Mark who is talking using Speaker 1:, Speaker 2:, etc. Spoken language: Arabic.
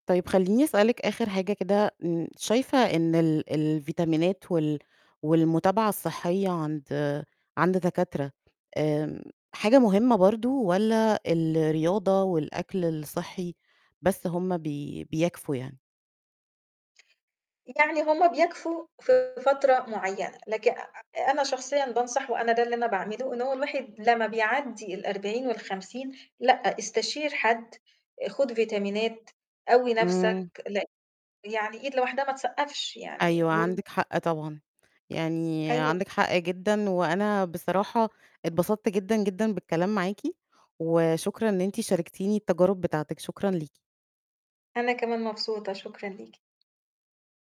Speaker 1: طيب خلّيني أسألِك آخر حاجة كده، م شايفة إن ال الفيتامينات وال والمتابعة الصحية عند عند دكاترة آمم، حاجة مُهمة برضه، والّا الرياضة والأكل الصحي بس هم بي بيكفوا يعني؟
Speaker 2: يعني هم بيكفوا في فترة مُعيّنة، لك أ أنا شخصيًا بانصح وأنا ده اللي أنا باعمله، إنه هو الواحد لمّا بيعدي ال40 وال50 لأ، استشير حد، خُد فيتامينات، قوي نفسك،
Speaker 1: إمم.
Speaker 2: لأن يعني إيد لوحدها ما تصقفش، يعني
Speaker 1: أيوه،
Speaker 2: وال
Speaker 1: عندِك حق طبعًا، يعني
Speaker 2: أيوه.
Speaker 1: عندِك حق جدًا، وأنا بصراحة اتبسطت جدًا، جدًا بالكلام معاكِ، وشكرًا إن أنتِ شاركتيني التجارُب بتاعتِك شكرًا ليكِ.
Speaker 2: أنا كمان مبسوطة، شكرًا ليكِ.